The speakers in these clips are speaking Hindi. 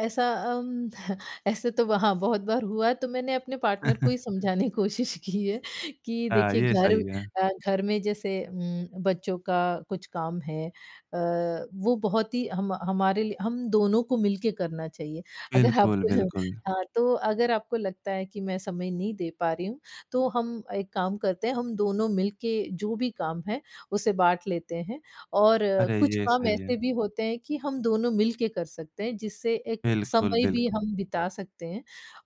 ऐसा अम, ऐसे तो वहाँ बहुत बार हुआ तो मैंने अपने पार्टनर को ही समझाने की कोशिश की है कि हाँ, देखिए ये घर सही है। अ, घर में जैसे उम, बच्चों का कुछ काम है अ, वो बहुत ही हम हमारे लिए हम दोनों को मिल के करना चाहिए। अगर आप बिल्कुल, अ, बिल्कुल। हाँ, तो अगर आपको लगता है कि मैं समय नहीं दे पा रही हूँ तो हम एक काम करते हैं हम दोनों मिल के जो भी काम है, उसे बाँट लेते हैं और अरे, कुछ ये काम सही है। ऐसे भी होते हैं कि हम दोनों मिल के कर सकते हैं, जिससे एक बिल्कुल, समय भी बिल्कुल। हम बिता सकते हैं।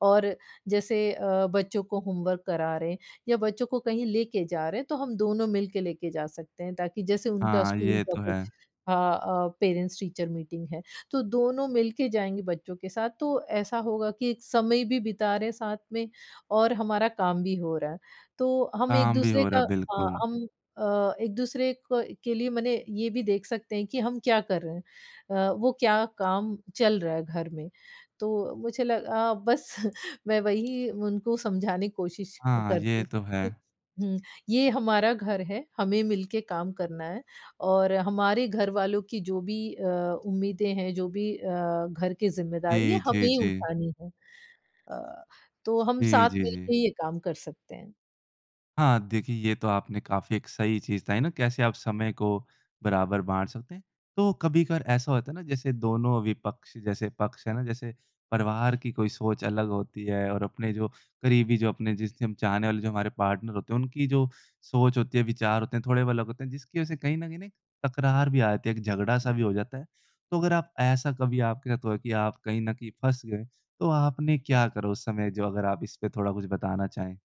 और जैसे अ, बच्चों को होमवर्क करा रहे हैं या बच्चों को कहीं लेके जा रहे हैं तो हम दोनों मिल के लेके जा सकते हैं ताकि जैसे उनका हाँ, स्कूल ये का तो है। कुछ हाँ अ, पेरेंट्स टीचर मीटिंग है तो दोनों मिल के जाएँगे बच्चों के साथ तो ऐसा होगा कि एक समय भी बिता रहे हैं साथ में और हमारा काम भी हो रहा है। तो हम काम भी एक-दूसरे हो रहा का है, अ, बिल्कुल। हम अ, एक-दूसरे क के लिए मने ये भी देख सकते हैं कि हम क्या कर रहे हैं अ, वो क्या काम चल रहा है घर में? तो मुझे लगा बस मैं वही उनको समझाने की कोशिश अ, हाँ, करती ये हूँ तो कि है। हुँ, ये हमारा घर है, हमें मिल के काम करना है और हमारे घरवालों की जो भी अ, उम्मीदें हैं जो भी अ, घर की ज़िम्मेदारी है ये जी, जी, हमें ही जी। उठानी है। अ, तो हम जी, साथ जी, मिल जी। के ये काम कर सकते हैं। हाँ, देखिए ये तो आपने काफ़ी एक सही चीज़ बताई ना कैसे आप समय को बराबर बाँट सकते हैं, तो कभी-कभार ऐसा होता है ना जैसे दोनों विपक्ष जैसे पक्ष है ना, जैसे परिवार की कोई सोच अलग होती है और अपने जो करीबी जो अपने जिससे हम चाहने वाले जो हमारे पार्टनर होते हैं, उनकी जो सोच होती है विचार होते हैं, थोड़े ब अलग होते हैं जिसकी वजह से कहीं न कहीं ना एक तकरार भी आ जाती है, एक झगड़ा-सा भी हो जाता है। तो अगर आप ऐसा कभी आपके साथ हुआ है कि आप कहीं न कहीं फँस गए तो आपने क्या करा उस समय? जो अगर आप इसपे थोड़ा कुछ बताना चाहें।